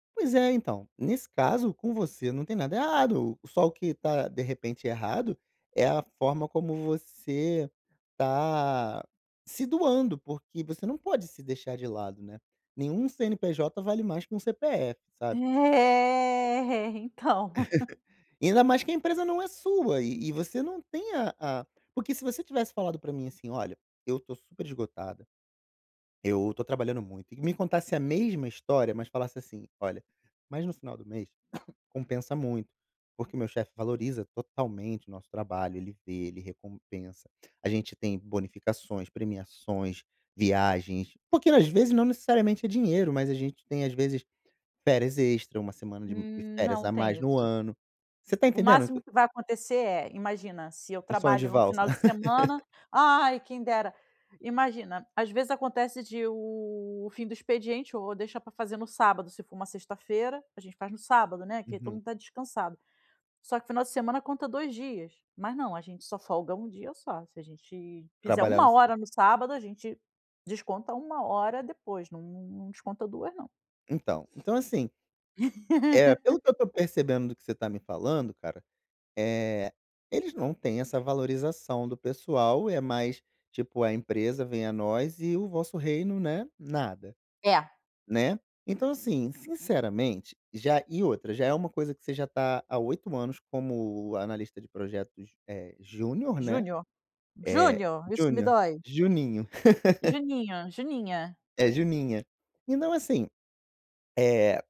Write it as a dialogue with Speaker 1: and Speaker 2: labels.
Speaker 1: Pois é, então, nesse caso, com você, não tem nada errado, só o que tá, de repente errado, é a forma como você tá se doando, porque, você não pode se deixar de lado, né, nenhum CNPJ, vale mais que que CPF, sabe?
Speaker 2: Eh, então.
Speaker 1: Ainda mais que, a empresa não é sua, e e você não tem a a porque se você tivesse falado pra mim, assim, "Olha, eu estou super esgotada, eu estou trabalhando muito," e me contasse a mesma história, mas falasse, assim, "Olha, mas no final do mês compensa muito, porque, o meu chefe valoriza totalmente o nosso trabalho, ele vê, ele recompensa, a gente tem bonificações, premiações, viagens." Porque, às vezes, não necessariamente é dinheiro, mas a gente tem às vezes, férias extra, uma semana de
Speaker 2: Hum,
Speaker 1: férias
Speaker 2: não
Speaker 1: a
Speaker 2: tem
Speaker 1: mais no
Speaker 2: isso.
Speaker 1: ano. Você está
Speaker 2: O
Speaker 1: entendendo o
Speaker 2: máximo
Speaker 1: q
Speaker 2: que vai acontecer é, imagina se eu
Speaker 1: Um sonho de
Speaker 2: trabalho, num
Speaker 1: valsa.
Speaker 2: final de semana ai quem dera, imagina, às vezes acontece, de o fim do expediente, ou deixa para fazer no sábado, se for uma sexta feira, a gente faz no sábado, né, que todo
Speaker 1: Uhum.
Speaker 2: mundo está descansado. Só que final de semana, conta 2 dias, mas não, gente só folga 1 dia só. Se a gente fizer
Speaker 1: Trabalhar no
Speaker 2: 1
Speaker 1: sábado.
Speaker 2: hora no sábado a gente, desconta 1 hora depois, não não desconta 2 não.
Speaker 1: Então, então, assim Eh, pelo que eu estou percebendo, do que você está me falando, cara, eh, eles não têm essa valorização do pessoal, é mais tipo, a empresa vem a nós, e o vosso reino, né, nada,
Speaker 2: É.
Speaker 1: né, então, assim, sinceramente já e outra, já é uma coisa, que você já está há 8 anos como analista de projetos, é júnior, né,
Speaker 2: Júnior,
Speaker 1: é
Speaker 2: Júnior, isso que me
Speaker 1: júnior,
Speaker 2: dói.
Speaker 1: "juninho."
Speaker 2: Juninho, Juninha.
Speaker 1: é Juninha, então, assim, eh